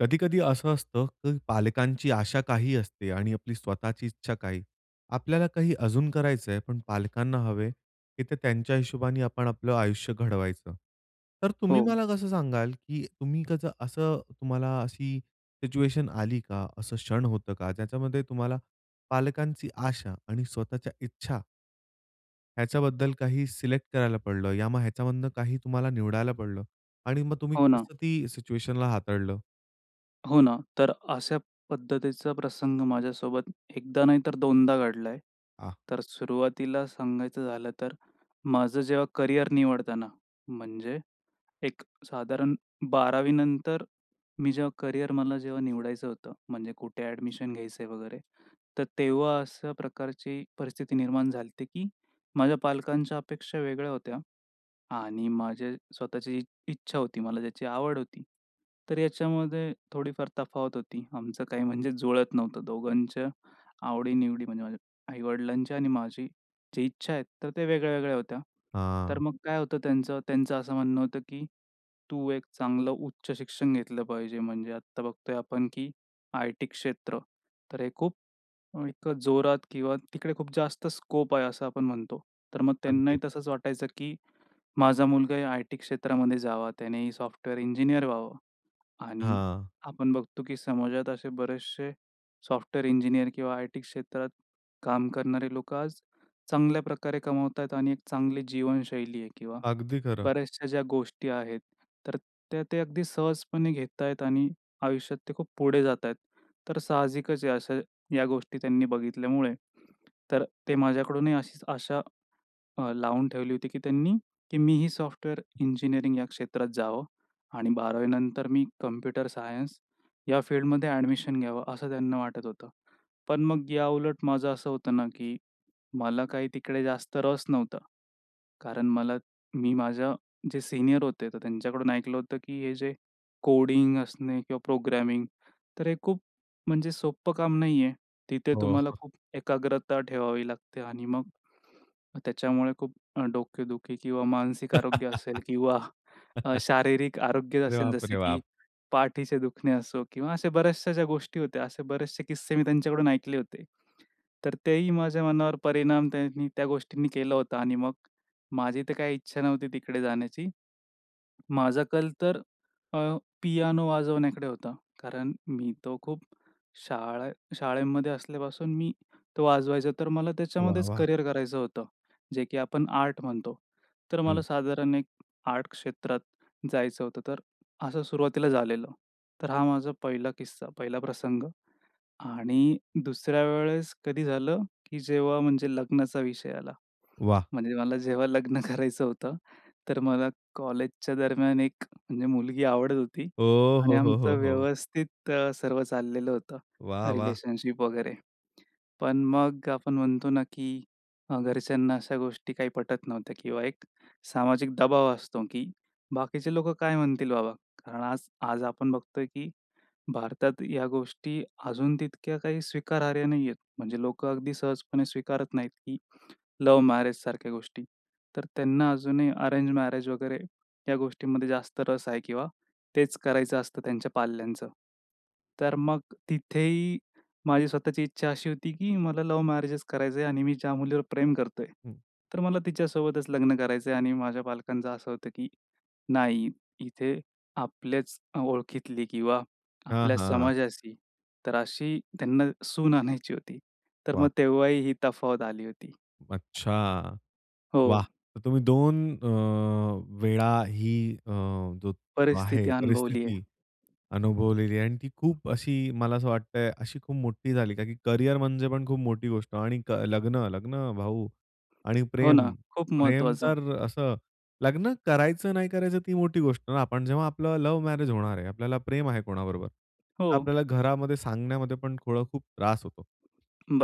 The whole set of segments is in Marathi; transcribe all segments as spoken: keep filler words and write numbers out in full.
कधी-कधी असं असतं, की पालकांची आशा काही असते आणि आपली स्वताःची इच्छा काही. आपल्याला काही अजून करायचंय पण पालकांना हवे, की ते त्यांच्या हिशोबाने आपण आपलं आयुष्य घडवायचं. तर तुम्ही हो. मला कसं सांगाल, की तुम्ही त्याचा असं तुम्हाला अशी सिच्युएशन आली का? असं क्षण होतं का? ज्याच्यामध्ये तुम्हाला पालकांची आशा आणि स्वताःच्या इच्छा ह्याच्याबद्दल काही सिलेक्ट करायला पडलं. या मग ह्याच्यामधनं काही तुम्हाला निवडायला पडलं आणि मग तुम्ही हो ना. कसं ती सिच्युएशनला हाताळलं? हो ना, तर अशा पद्धतीचा प्रसंग माझ्यासोबत एक दा नाही, तर दोन दा घडलाय. हां. तर सुरुवातीला सांगायचं झालं तर माझं जेव्हा करिअर निवडताना म्हणजे एक साधारण बारावी नंतर मी जेव्हा करिअर मला जेव्हा निवडायचं होतं म्हणजे कुठे ॲडमिशन घ्यायचंय वगैरे. तर तेव्हा अशा प्रकारची परिस्थिती निर्माण झालती, की माझ्या पालकांच्या अपेक्षा वेगळ्या होत्या आणि माझे स्वताःची इ इच्छा होती, मला ज्याची आवड होती. तर याच्यामध्ये थोडीफार तफावत होती, आमचं काही म्हणजे जुळत नव्हतं. दोघांच्या आवडी-निवडी म्हणजे माझ्या आई-वडिलांच्या आणि माझी जी इच्छा आहेत, तर त्या वेगळ्या वेगळ्या होत्या. तर हां. मग काय होतं त्यांचं त्यांचं असं म्हणणं होतं, की "तू एक चांगलं उच्च शिक्षण घेतलं पाहिजे" म्हणजे आत्ता बघतोय आपण की आयटी क्षेत्र, तर हे खूप, इतकं जोरात किंवा तिकडे खूप जास्त स्कोप आहे असं आपण म्हणतो. तर मग त्यांनाही अगदी. तसंच वाटायचं, की माझा मुलगा या आयटी क्षेत्रामध्ये जावा. त्यानेही सॉफ्टवेअर इंजिनिअर व्हावं आणि हां. आपण बघतो की समाजात असे बरेचसे सॉफ्टवेअर इंजिनिअर किंवा आयटी क्षेत्रात काम करणारे लोकं आज चांगल्या प्रकारे कमवताहेत आणि एक चांगली जीवनशैली आहे किंवा अगदी खरं. बऱ्याचशा ज्या गोष्टी आहेत, तर त्या ते अगदी सहजपणे घेतायतं आणि आयुष्यात ते खूप पुढे जातायतं. तर साहजिकचायं अशा या गोष्टी त्यांनी बघितल्यामुळे तर ते माझ्याकडूनही अशीच अशा अ, लावून ठेवली होती, की त्यांनी की मी ही सॉफ्टवेअर इंजिनिअरिंग या क्षेत्रात जावं आणि बारावी नंतर मी कंम्प्युटर सायन्स या फील्डमध्ये ॲडमिशन घ्यावं, असं त्यांना वाटत होतं. पण मग याउलट माझं असं होतं ना, की मला काही तिकडे जास्त रस नव्हता. कारण मला मी माझ्या जे सीनियर होते तर त्यांच्याकडून ऐकलं होतं, की हे जे कोडिंग असणे किंवा प्रोग्रॅमिंग तर हे खूप म्हणजे सोप्पं काम नाही आहे. तिथे हो. तुम्हाला खूप एकाग्रता ठेवावी लागते आणि मग त्याच्यामुळे खूप अ, डोकेदुखी किंवा मानसिक आरोग्य असेल किंवा शारीरिक आरोग्य अरे असेल बाप जसं रे, की बाप! पाठीचे दुखणे असो किंवा असे बऱ्याचशा ज्या गोष्टी होत्या असे बरेचसे किस्से मी त्यांच्याकडून ऐकले होते. तर तेही माझ्या मनावर परिणाम त्यांनी त्या गोष्टींनी केला होता आणि मग माझी तर काही इच्छा नव्हती तिकडे जाण्याची. माझा कल तर अ, पियानो वाजवण्याकडे होता. कारण मी तो खूप शाळे शाळेमध्ये असल्यापासून मी तो वाजवायचो तर मला वाह, त्याच्यामध्येच वाह! करियर करायचं होतं, जे की आपण आर्ट म्हणतो. तर मला हं. साधारण एक आर्ट क्षेत्रात जायचं होतं, तर असं सुरुवातीला झालेलं. तर हा माझा पहिला किस्सा, पहिला प्रसंग आणि दुसऱ्या वेळेस कधी झालं, की जेव्हा म्हणजे लग्नाचा विषय आला. वाह! म्हणजे मला जेव्हा लग्न करायचं होतं, तर मला कॉलेजच्या दरम्यान एक अ, म्हणजे मुलगी आवडत होती आणि आमचं ओहोहोहो! व्यवस्थित अ, सर्व चाललेलं होतं, वाह, वाह! रिलेशनशिप वगैरे. पण मग आपण म्हणतो ना, की अ, घरच्यांना अशा गोष्टी काही पटत नव्हत्या किंवा एक सामाजिक दबाव असतो, की बाकीचे लोकं काय म्हणतील बाबा? कारण आज आज आपण बघतोय, की भारतात या गोष्टी अजून तितक्या काही स्वीकारार्ह नाहीहेत, म्हणजे लोकं अगदी सहजपणे स्वीकारत नाहीत, की लव्ह मॅरेजसारख्या गोष्टी. तर त्यांना अजूनही अरेंज मॅरेज वगैरे या गोष्टीमध्ये जास्त रस आहे किंवा तेच करायचं असतं त्यांच्या पाल्यांचं. तर मग तिथेही माझी स्वताःची इच्छा अशी होती, की मला लव्ह मॅरेजचं करायचयं आणि मी ज्या मुलीवर प्रेम करतोय, हं. तर मला तिच्यासोबतच लग्न करायचयं आणि माझ्या पालकांचं असं होतं, की नाही इथे आपल्याच अ, ओळखीतली किंवा हां, आपल्या हां. समाजाशी तर अशी त्यांना सून आणायची होती. तर वाह! मग तेव्हाही ही तफावत आली होती. अच्छा! वाह! हो. तर तुम्ही दोन अ, वेळा ही अ, जो आहे परिस्थिती अनुभवली आहे. परिस्थिती अनुभवलेली आहे आणि ती खूप अशी मला असं वाटतंय, अशी खूप मोठी झाली, का की करियर म्हणजे पण खूप मोठी गोष्ट आणि क लग्न लग्न भाऊ आणि हो ना. प्रेम. खूप प्रेम महत्त्वाचं. तर असं लग्न करायचं नाही करायचं ती मोठी गोष्ट अन आपण जेव्हा आपलं लव्ह मॅरेज होणार आहे आपल्याला प्रेम आहे कोणाबरोबर तर हो. आपल्याला घरामध्ये सांगण्यामध्ये पण थोडं खूप त्रास होतो.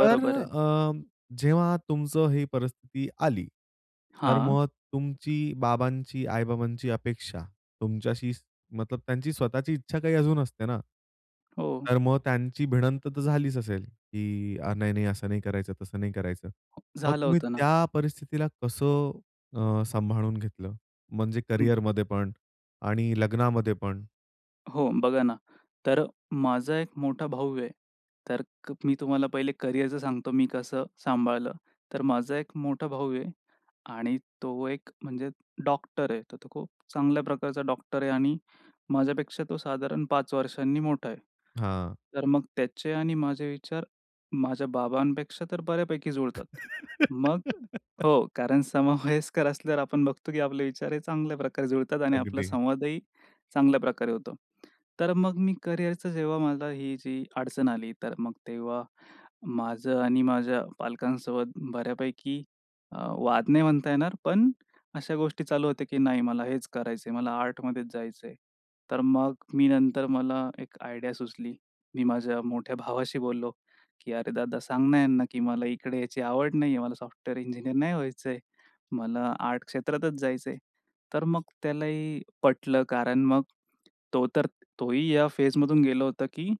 तर आहे. अ, जेव्हा तुमचं ही परिस्थिती आली तर हां. मग तुमची, बाबांची, आई-बाबांची अपेक्षा तुमच्याशी मतलब त्यांची स्वताःची इच्छा काही अजून असते ना. हो. तर मग त्यांची भिडंत तर झालीच असेल, की "नाही, नाही, असं नाही करायचं, तसं नाही करायचं." हां. मग झालं तुम्ही होतं ना. त्या परिस्थितीला कसं अ, सांभाळून घेतलं? म्हणजे हं. करिअरमध्ये पण आणि लग्नामध्ये पण? हो, बघा ना. तर माझा एक मोठा भाऊ आहे, तर क मी तुम्हाला पहिले करिअरच सांगतो, मी कसं सांभाळलं. तर माझा एक मोठा भाऊ आहे आणि तो एक म्हणजे डॉक्टर आहे. तर तो खूप चांगल्या प्रकारचा डॉक्टर आहे आणि माझ्यापेक्षा तो साधारण पाच वर्षांनी मोठा आहे. हां. तर मग त्याचे आणि माझे विचार माझ्या बाबांपेक्षा तर बऱ्यापैकी जुळतात. मग हो, कारण समवयस्कर असल्यावर आपण बघतो की आपले विचार हे चांगल्या प्रकारे जुळतात आणि आपला अगदी. संवादही चांगल्या प्रकारे होतो. तर मग मी करिअरचं जेव्हा मला ही जी अडचण आली, तर मग तेव्हा माझं आणि माझ्या पालकांसोबत बऱ्यापैकी अ, वाद नाही म्हणता येणार. पण अशा गोष्टी चालू होत्या, की नाही मला हेच करायचं आहे. मला आर्टमध्येच जायचं आहे. तर मग मी नंतर मला एक आयडिया सुचली. मी माझ्या मोठ्या भावाशी बोललो की, "अरे, दादा सांग ना यांना, की मला इकडे यायची आवड नाही आहे. मला सॉफ्टवेअर इंजिनिअर नाही व्हायचंय. मला आर्ट क्षेत्रातच जायचं आहे." तर मग त्यालाही पटलं कारण मग तो तर, तोही या फेजमधून गेला होता, की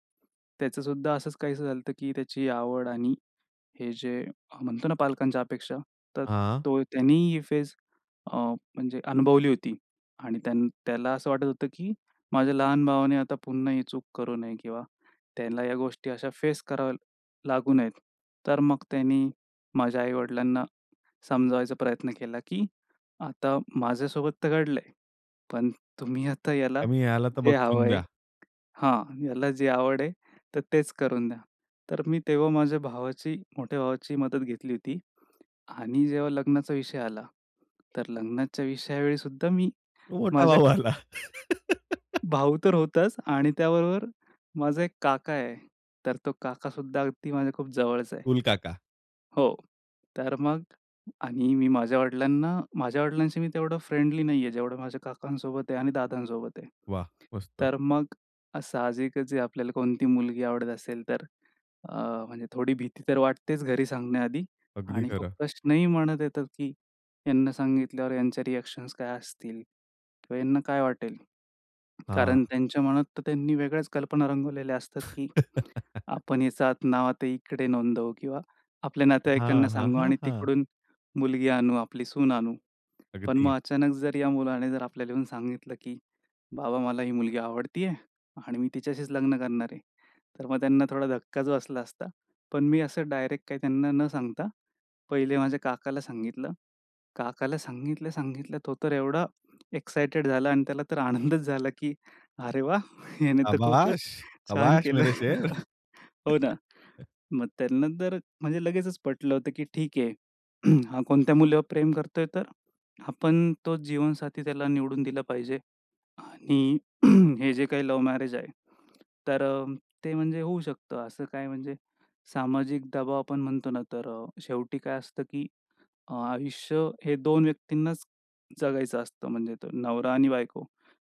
त्याचंसुद्धा असंच काहीसं झालं की त्याची आवड आणि हे जे अ, म्हणतो ना पालकांच्या अपेक्षा. तर हां. तो त्यांनी ही फेस अ, म्हणजे अनुभवली होती. आणि त्यान त्याला असं वाटत होतं, की माझ्या लहान भावाने आता पुन्हा ही चूक करू नये किंवा त्यांना या गोष्टी अशा फेस कराव्या लागू नयेत. तर मग त्यांनी माझ्या आई-वडिलांना समजावायचा प्रयत्न केला, की आता माझ्यासोबत तर घडलंय. पण तुम्ही आता याला आम्ही याला तर जे हवं बक्षून आहे, द्या. हां, याला जे आवड आहे तर तेच करून द्या. तर मी तेव्हा माझ्या भावाची, मोठ्या भावाची मदत घेतली होती आणि जेव्हा लग्नाचा विषय आला तर लग्नाच्या विषयावेळी सुद्धा मी तो मोठा माझ्या भाऊ आला. भाऊ तर होताच आणि त्याबरोबर माझा एक काका आहे. तर तो काकासुद्धा अगदी माझ्या खूप जवळचा आहे. कुल काका. हो, तर मग आणि मी माझ्या वडिलांना, माझ्या वडिलांशी मी तेवढं फ्रेंडली नाही आहे, जेवढं माझ्या काकांसोबत आहे आणि दादांसोबत आहे. वाह! मस्त. तर मग अ, साहजिकच जे आपल्याला कोणती मुलगी आवडत असेल तर अ, म्हणजे थोडी भीती तर वाटतेच घरी सांगण्याआधी. अगदी आणि खूप खरं. प्रश्नही मनात येतात की ह्यांना सांगितल्यावर यांचे रिएक्शन्स काय असतील? किंवा यांना काय वाटेल? कारण हां. त्यांच्या मनात तर त्यांनी वेगळ्याच कल्पना रंगवलेल्या असतात की आपण हेच नाव आता इकडे नोंदवू किंवा आपल्या नातेवाईकांना हां, हां, सांगू हां, आणि हां. तिकडून मुलगी आणू, आपली सून आणू. पण अगदी. मग अचानक जर या मुलाने जर आपल्याला येऊन सांगितलं की, "बाबा मला ही मुलगी आवडते आहे आणि मी तिच्याशीच लग्न करणार आहे." तर मग त्यांना थोडा धक्काच बसला असता, पण मी असं डायरेक्ट काही त्यांना न सांगता पहिले माझ्या काकाला सांगितलं. काकाला सांगितलं, सांगितलं, तो तर एवढा एक्साईटेड झाला आणि त्याला तर आनंदच झाला की अरे वाह! याने तर खूपच शाबाश, छान शाबाश, केलं. मेरे शेर. हो ना. मग त्यांना तर म्हणजे लगेचच पटलं होतं, की ठीक आहे. हा कोणत्या मुलीवर प्रेम करतोय तर आपण तो जीवनसाथी त्याला निवडून दिला पाहिजे आणि हे जे काही लव्ह मॅरेज आहे, तर अ, ते म्हणजे होऊ शकतं. असं काय म्हणजे सामाजिक दबाव आपण म्हणतो ना, तर अ, शेवटी काय असतं की अ, आयुष्य हे दोन व्यक्तींनाच जगायचं असतं. म्हणजे तर नवरा आणि बायको.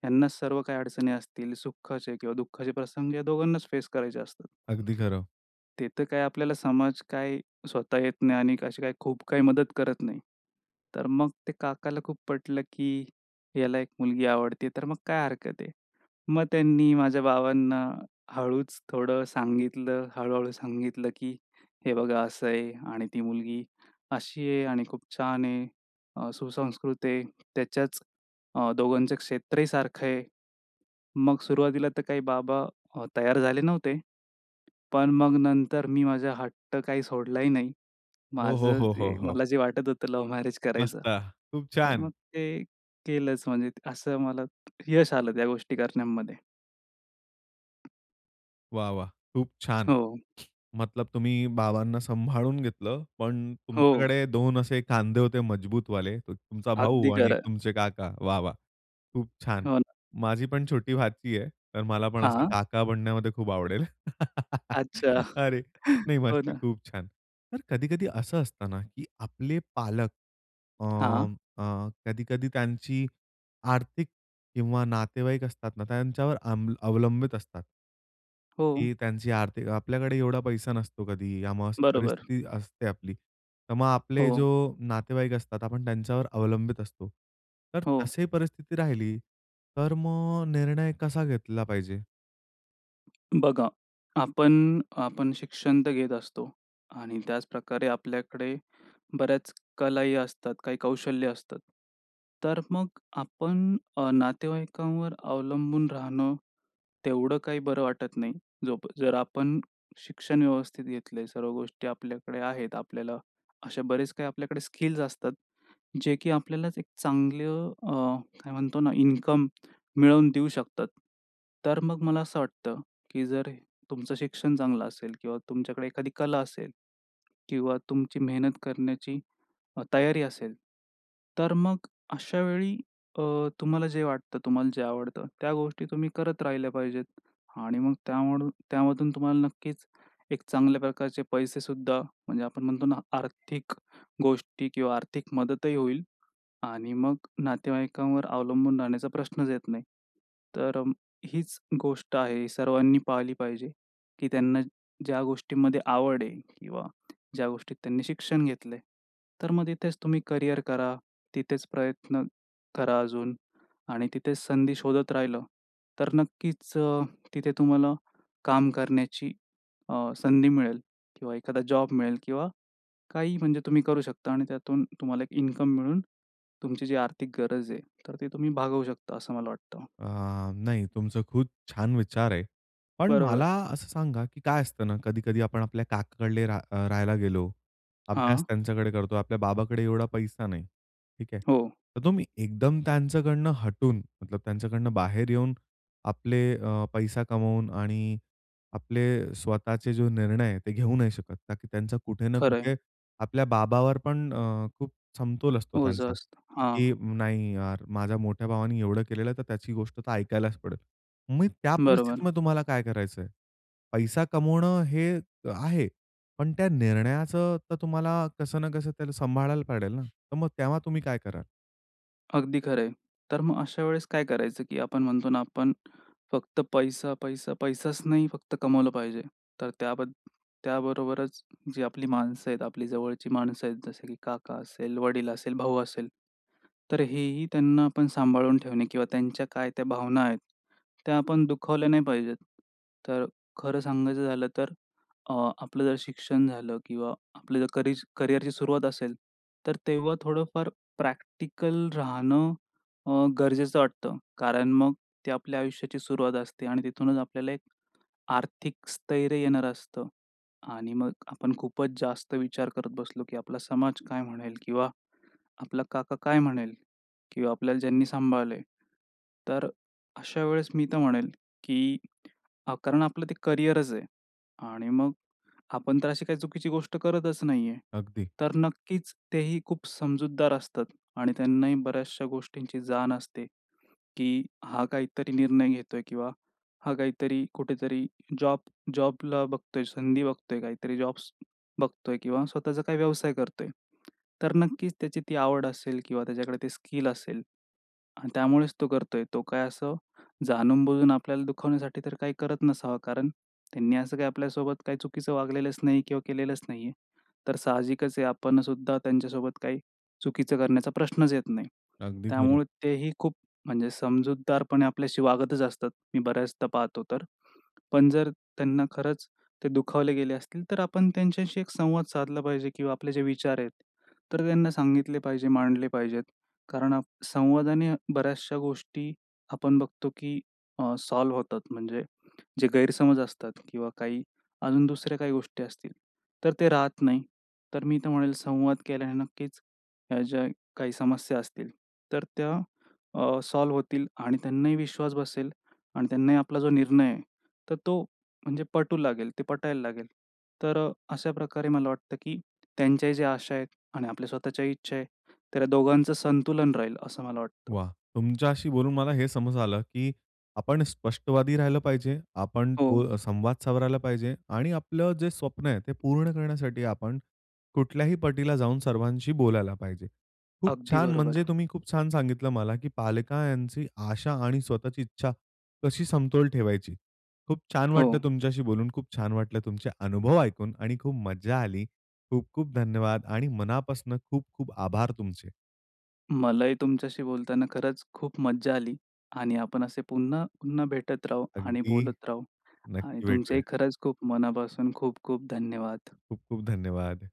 ह्यांनाच सर्व काही अडचणी असतील सुखाचे किंवा दुःखाचे प्रसंग या दोघांनाच फेस करायचे असतात. अगदी खरं. ते तर काय, आपल्याला समाज काय, स्वतः येत नाही आणि अशी काही खूप काही मदत करत नाही. तर मग ते काकाला खूप पटलं, की याला एक मुलगी आवडते, तर मग काय हरकत आहे. मग त्यांनी माझ्या बाबांना हळूच थोडं सांगितलं. हळू-हळू सांगितलं, की "हे बघा असं आहे आणि ती मुलगी अशी आहे आणि खूप छान आहे. अ, सुसंस्कृत आहे. त्याच्याच अ, दोघांचं क्षेत्रही सारखं आहे." मग सुरुवातीला तर काही बाबा अ, तयार झाले नव्हते. पण मग नंतर मी माझा हट्ट काही सोडलाही नाही. हो, हो, माझं हो, हो, जे हो. मला जे वाटत होतं लव्ह मॅरेज करायचं, मस्त! खूप तर मग छान. ते केलंच. म्हणजे असं मला यश आलं त्या गोष्टी करण्यामध्ये. वाह! वाह! खूप छान! हो. मतलब तुम्ही बाबांना सांभाळून घेतलं पण हो. तुमच्याकडे दोन असे खांदे होते मजबूत वाले एक तुमचा भाऊ अगदी आणि खरं. तुमचे काका. वाह! वाह! खूप छान! हो ना. माझी पण छोटी भाची आहे तर मला पण असे हां. काका बनण्यामध्ये खूप आवडेल. अच्छा, अरे! नाही, हो मस्त ना. खूप छान! तर कधी-कधी असं असतं ना, की आपले पालक, अ, हां. अ, कधी-कधी त्यांची आर्थिक किंवा नातेवाईक असतात ना, त्यांच्यावर अं अवलंबित असतात. हो. की त्यांची आर्थिक आपल्याकडे एवढा पैसा नसतो कधी [unintelligible] बरोबर. परिस्थिती असते आपली. तर मग आपले हो. जो नातेवाईक असतात आपण त्यांच्यावर अवलंबित असतो तर हो. तशी परिस्थिती राहिली तर मग निर्णय कसा घेतला पाहिजे? बघा, आपण आपण शिक्षण तर घेत असतो आणि त्याचप्रकारे आपल्याकडे बऱ्याच कला ही असतात, काही कौशल्य असतात. तर मग आपण अ, नातेवाईकांवर अवलंबून राहणं, तेवढं काही बरं वाटत नाही. जो प जर आपण शिक्षण व्यवस्थित घेतले, सर्व गोष्टी आपल्याकडे आहेत, आपल्याला असे बरेच काही आपल्याकडे स्किल्स, असतात जे की आपल्यालाच एक चांगलं अ, काय म्हणतो ना, इन्कम मिळवून देऊ शकतात तर मग मला असं वाटतं, की जर तुमचं शिक्षण चांगलं असेल किंवा तुमच्याकडे एखादी कला असेल किंवा तुमची मेहनत करण्याची तयारी असेल तर मग अशावेळी अ, तुम्हाला जे वाटतं तुम्हाला जे आवडतं त्या गोष्टी तुम्ही करत राहिल्या पाहिजेत आणि मग त्यामुळ त्यामधून तुम्हाला नक्कीच एक चांगल्या प्रकारचे पैसे सुद्धा म्हणजे आपण म्हणतो ना, आर्थिक गोष्टी किंवा आर्थिक मदतही होईल आणि मग नातेवाईकांवर अवलंबून राहण्याचा प्रश्नच येत नाही. तर हीच गोष्ट आहे सर्वांनी पाहिली पाहिजे, की त्यांना ज्या गोष्टीमध्ये आवड आहे किंवा ज्या गोष्टीत त्यांनी शिक्षण घेतलंय तर मग तिथेच तुम्ही करियर करा, तिथेच प्रयत्न करा अजून आणि तिथेच संधी शोधत राहिलं तर नक्कीच अ, तिथे तुम्हाला काम करण्याची अ, संधी मिळेल किंवा एखादा जॉब मिळेल किंवा काही म्हणजे तुम्ही करू शकता आणि त्यातून तुम्हाला एक इन्कम मिळून, तुमची जी आर्थिक गरज आहे तर ती तुम्ही भागवू शकता असं मला वाटतं. अ, नाही तुमचं खूच छान विचार आहे. पण मला बरोबर. असं सांगा, की काय असतं ना, कधी-कधी आपण आपल्या काकाकडले रा राहायला गेलो, अभ्यास हां. त्यांच्याकडे करतो, आपल्या बाबाकडे एवढा पैसा नाही, ठीक आहे. हो. तर तुम्ही एकदम त्यांच्याकडनं हटून, मतलब त्यांच्याकडनं बाहेर येऊन, आपले अ, पैसा कमवून आणि आपले स्वतःचे जो निर्णय आहेत ते घेऊ नाही शकत, का की त्यांचा कुठे ना खरं आहे. कुठे आपल्या बाबावर पण अ, खूप समतोल असतो हो, ओझं त्यांचा, असतं. हां. की "नाही यार! माझ्या मोठ्या भावाने एवढं केलेलं आहे तर त्याची गोष्ट तर ऐकायलाच पडेल." मग त्या बरोबर. परिस्थितीमध्ये तुम्हाला काय करायचं आहे? पैसा कमावणं हे आहे पण त्या निर्णयाचं तर तुम्हाला कसं ना कसं त्याला सांभाळायला पडेल ना तर मग तेव्हा तुम्ही काय कराल? अगदी खरं आहे. तर मग अशा वेळेस काय करायचं, की आपण म्हणतो ना, आपण फक्त पैसा, पैसा, पैसाच नाही फक्त कमावलं पाहिजे, तर त्याबद त्याबरोबरच जे आपली माणसं आहेत आपली जवळची माणसं आहेत, जसे की काका असेल, वडील असेल, भाऊ असेल, तर हेही त्यांना आपण सांभाळून ठेवणे किंवा त्यांच्या काय त्या भावना आहेत, त्या आपण दुखावल्या नाही पाहिजेत. तर खरं सांगायचं झालं तर, अ, आपलं जर शिक्षण झालं किंवा आपलं जर करि करिअरची सुरुवात असेल, तर तेव्हा थोडंफार प्रॅक्टिकल राहणं अ, गरजेचं वाटतं. कारण मग ते आपल्या आयुष्याची सुरुवात असते आणि तिथूनच आपल्याला एक आर्थिक स्थैर्य येणार असतं. आणि मग आपण खूपच जास्त विचार करत बसलो, की आपला समाज काय म्हणेल. किंवा आपला काका काय म्हणेल किंवा आपल्याला ज्यांनी सांभाळल आहे, तर अशा वेळेस मी तर म्हणेल, की कारण आपलं ते करियरच आहे. आणि मग आपण तर अशी काही चुकीची गोष्ट करतच नाही आहे. अगदी. तर नक्कीच तेही खूप समजूतदार असतात, आणि त्यांनाही बऱ्याचशा गोष्टींची जाण असते, की हा काहीतरी निर्णय घेतोय किंवा हा काहीतरी कुठेतरी जॉब जॉबला बघतोय, संधी बघतोय काहीतरी जॉब्स बघतोय किंवा स्वतःचा काही व्यवसाय करतोय. तर नक्कीच त्याची ती आवड असेल किंवा त्याच्याकडे ते स्किल असेल. आणि त्यामुळेच तो करतोय, तो काय असं जाणून-बुजून आपल्याला दुखवण्यासाठी तर काही करत नसावा, कारण त्यांनी असं काही आपल्यासोबत काही चुकीचं वागलेलंच नाही किंवा केलेलंच नाही आहे. तर साहजिकच आहे, आपण सुद्धा त्यांच्यासोबत काही चुकीचं करण्याचा प्रश्नच येत नाही. अगदी खरं. त्यामुळे तेही खूप म्हणजे, समजूतदारपणे आपल्याशी वागतच असतात, मी बऱ्याचदा पाहतो तर, पण जर त्यांना खरंच ते दुखावले गेले असतील, तर आपण त्यांच्याशी एक संवाद साधला पाहिजे किंवा आपले जे विचार आहेत, तर त्यांना सांगितले पाहिजे, मांडले पाहिजेत. कारण आ, संवादाने बऱ्याचशा गोष्टी आपण बघतो की सॉल्व्ह होतात. म्हणजे जे गैरसमज असतात, किंवा काही अजून दुसऱ्या काही गोष्टी असतील, तर ते राहत नाही. तर मी तर म्हणेल संवाद केल्याने नक्कीच ह्या ज्या काही समस्या असतील, तर त्या अ, सॉल्व्ह होतील आणि त्यांनाही विश्वास बसेल. आणि त्यांनाही आपला जो निर्णय आहे, तर तो म्हणजे पटू लागेल. ते पटायला लागेल. तर अशा प्रकारे मला वाटतं, की त्यांच्या ज्या आशा आहेत, आणि आपल्या स्वतःच्या इच्छा आहे ,तर दोघांचं संतुलन राहील, असं मला वाटतं. वाह! तुमच्याशी बोलून मला हे समज आलं, की आपण स्पष्टवादी राहिलं पाहिजे, आपण हो. तो संवाद सावरायला पाहिजे. आणि आपलं जे स्वप्न आहे, ते पूर्ण करण्यासाठी आपण कुठल्याही पटीला जाऊन सर्वांशी बोलायला पाहिजे. खूप अगदी छान! बरोबर. म्हणजे तुम्ही खूप छान सांगितलं मला, की पालकांची आशा आणि स्वतःची इच्छा कशी समतोल ठेवायची. खूप छान वाटलं हो. तुमच्याशी बोलून, खूप छान वाटलं तुमचे अनुभव ऐकून आणि खूप मज्जा आली. खूप-खूप धन्यवाद आणि मनापासून खूप-खूप आभार तुमचे. मलाही तुमच्याशी बोलताना खरंच खूप मज्जा आली. आणि आपण असे पुन्हा, पुन्हा भेटत राहू आणि अगदी! बोलत राहू. आणि नक्की तुमचेही भेटूया. खरंच खूप मनापासून खूप-खूप धन्यवाद. खूप-खूप धन्यवाद!